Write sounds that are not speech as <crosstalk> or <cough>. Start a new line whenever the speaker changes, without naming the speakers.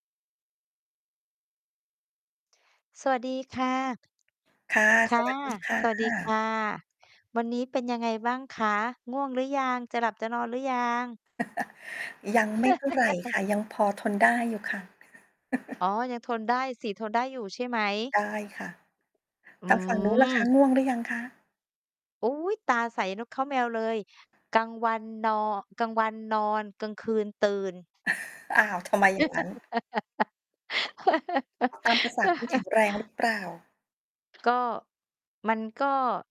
สวัสดีค่ะ
ค่ะ
ค
ส
่ะ
วัสดี ค่
สวัสดีค
ะ
่ะ วันนี้เป็นยังไงบ้างคะ? ง่วงหรือยัง? จะหลับจะนอนหรือยัง?
<laughs> ยังไม่เท่าไรค
<laughs>
่ะ ยังพอทนได้อยู่ค่ะ
อ๋
<laughs>
อ ยังทนได้สิ ทนได้อยู่ใช่ไหม?
ได้ค่ะ
อ
ทางฝั่งนู้นล่ะค
ื
ะ
ม
ง่วงหรือยังคะ?
อุ๊ย ตาใสนกเค้าแมวเลย กลางวันนอ กลางวันนอน กลางคืนตื่น
<laughs> อ้าว ทำไมอย่างงั้น? ตามประสาคนแข็
<laughs>
งแรงหรือ เปล่า?
ก็ มันก็